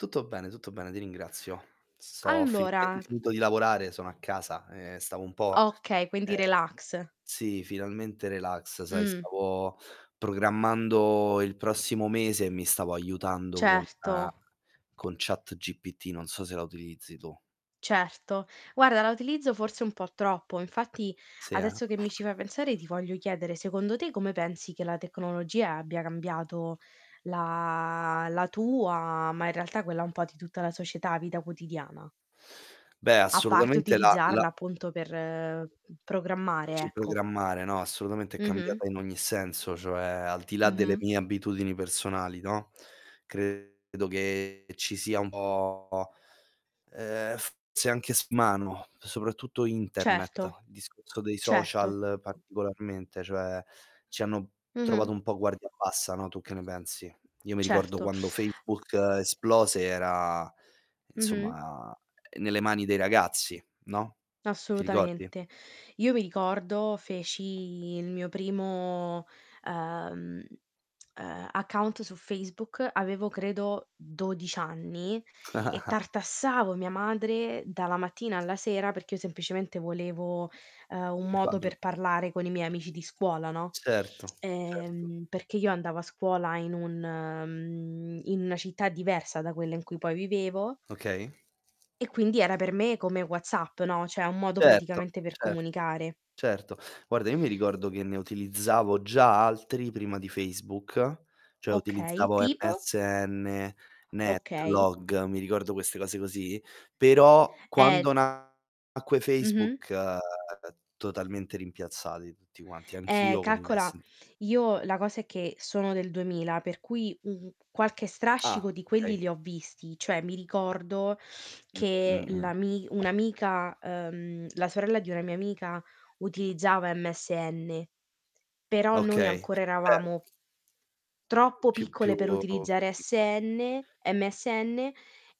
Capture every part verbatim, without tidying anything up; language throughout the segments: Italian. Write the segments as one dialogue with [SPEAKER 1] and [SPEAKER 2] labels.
[SPEAKER 1] Tutto bene, tutto bene, ti ringrazio. Sto ho
[SPEAKER 2] Allora,
[SPEAKER 1] finalmente
[SPEAKER 2] mhmm
[SPEAKER 1] finito di lavorare, sono a casa e stavo un po
[SPEAKER 2] Okay, quindi
[SPEAKER 1] ehm,
[SPEAKER 2] relax.
[SPEAKER 1] sì, finalmente relax. Sai,
[SPEAKER 2] Mh.
[SPEAKER 1] stavo programmando il prossimo mese e mi stavo aiutando con
[SPEAKER 2] Certo.
[SPEAKER 1] con ChatGPT, non so se la utilizzi tu.
[SPEAKER 2] Certo, guarda la utilizzo forse un po' troppo. Infatti
[SPEAKER 1] Sì, eh.
[SPEAKER 2] adesso che mi ci fai pensare ti voglio chiedere: secondo te come pensi che la tecnologia abbia cambiato la la tua ma in realtà quella un po' di tutta la società, vita quotidiana?
[SPEAKER 1] Beh,
[SPEAKER 2] A parte
[SPEAKER 1] assolutamente la la
[SPEAKER 2] utilizzarla appunto per, uhm, programmare,
[SPEAKER 1] Dici
[SPEAKER 2] ecco.
[SPEAKER 1] programmare, no, assolutamente è
[SPEAKER 2] Mh-mh.
[SPEAKER 1] cambiata in ogni senso, cioè al di là delle
[SPEAKER 2] Mh-mh.
[SPEAKER 1] mie abitudini personali, no,
[SPEAKER 2] [unintelligible]
[SPEAKER 1] credo che ci sia un po ehm, forse anche [unintelligible] mano, soprattutto
[SPEAKER 2] Certo.
[SPEAKER 1] Internet, discorso dei
[SPEAKER 2] Certo.
[SPEAKER 1] social particolarmente, cioè ci hanno trovato
[SPEAKER 2] Mh-mh.
[SPEAKER 1] un po' guardia bassa, no, tu che ne pensi? Io mi ricordo
[SPEAKER 2] Certo.
[SPEAKER 1] quando Facebook esplose era,
[SPEAKER 2] Mh-mh.
[SPEAKER 1] insomma, nelle mani dei ragazzi, no, ti ricordi?
[SPEAKER 2] Assolutamente. Io mi ricordo feci il mio primo ehm ehm, account su Facebook, avevo credo dodic anni, e tartassavo mia madre dalla mattina alla sera perché io semplicemente volevo, ehm, un modo
[SPEAKER 1] [unintelligible]
[SPEAKER 2] per parlare con i miei amici di scuola, no?
[SPEAKER 1] Certo, certo.
[SPEAKER 2] Ehm, perché io andavo a scuola in un mhmm, in una città diversa da quella in cui poi vivevo
[SPEAKER 1] Okay.
[SPEAKER 2] e quindi era per me come WhatsApp, no, ceh un modo
[SPEAKER 1] Certo,
[SPEAKER 2] praticamente per
[SPEAKER 1] certo,
[SPEAKER 2] comunicare.
[SPEAKER 1] certo. Guarda, io mi ricordo che ne utilizzavo già altri prima di Facebook, cioè
[SPEAKER 2] Okay,
[SPEAKER 1] utilizzavo
[SPEAKER 2] tipo?
[SPEAKER 1] MSN,
[SPEAKER 2] Okay.
[SPEAKER 1] NetLog, mi ricordo queste cose così. Però
[SPEAKER 2] Eh,
[SPEAKER 1] quando
[SPEAKER 2] [unintelligible]
[SPEAKER 1] nacque
[SPEAKER 2] Mh-mh.
[SPEAKER 1] Facebook, uhm, totalmente rimpiazzati tutti quanti.
[SPEAKER 2] Ehm,
[SPEAKER 1] Anch'io
[SPEAKER 2] calcola
[SPEAKER 1] [unintelligible]
[SPEAKER 2] io la cosa è che sono del duemila, per cui, mhmm, qualche strascico
[SPEAKER 1] Ah,
[SPEAKER 2] di quelli
[SPEAKER 1] okay.
[SPEAKER 2] li ho visti. Cioè mi ricordo
[SPEAKER 1] Mh,
[SPEAKER 2] che
[SPEAKER 1] mh-mh.
[SPEAKER 2] l'ami un' amica, ehm, la sorella di una mia amica utilizzava MSN, però noi
[SPEAKER 1] Okay,
[SPEAKER 2] ancora
[SPEAKER 1] beh
[SPEAKER 2] eravamo troppo
[SPEAKER 1] Più
[SPEAKER 2] piccole
[SPEAKER 1] più
[SPEAKER 2] per utilizzare
[SPEAKER 1] piccol
[SPEAKER 2] SN MSN,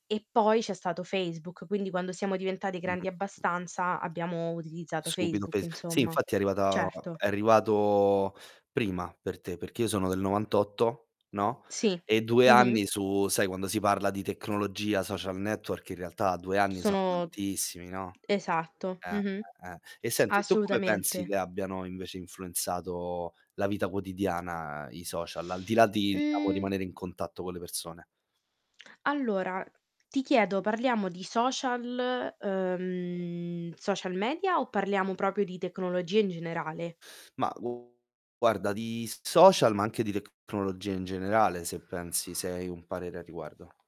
[SPEAKER 2] e poi c'è stato Facebook, quindi quando siamo diventati
[SPEAKER 1] Mh-mh.
[SPEAKER 2] grandi abbastanza abbiamo utilizzato
[SPEAKER 1] Subito
[SPEAKER 2] Facebook,
[SPEAKER 1] Face sì,
[SPEAKER 2] insomma.
[SPEAKER 1] infatti è arrivata
[SPEAKER 2] Certo.
[SPEAKER 1] è arrivato prima per te, perché io sono del novantotto, no,
[SPEAKER 2] Sì.
[SPEAKER 1] e due
[SPEAKER 2] Mh-mh.
[SPEAKER 1] anni su sai, quando si parla di tecnologia, social network, in realtà due anni sono
[SPEAKER 2] Sono
[SPEAKER 1] tantissimi, no?
[SPEAKER 2] esatto.
[SPEAKER 1] Eh,
[SPEAKER 2] Mh-mh.
[SPEAKER 1] eh, eh. E senti, tu come pensi
[SPEAKER 2] Assolutamente.
[SPEAKER 1] che abbiano invece influenzato la vita quotidiana i social, al di là di diciamo,
[SPEAKER 2] Mhmm
[SPEAKER 1] rimanere in contatto con le persone?
[SPEAKER 2] Allora, ti chiedo: parliamo di social, uhm, social media o parliamo propio di tecnologia in generale?
[SPEAKER 1] Ma guarda, di s social, ma anche di tecnologia in generale, se pensi se hai un parere a riguardo.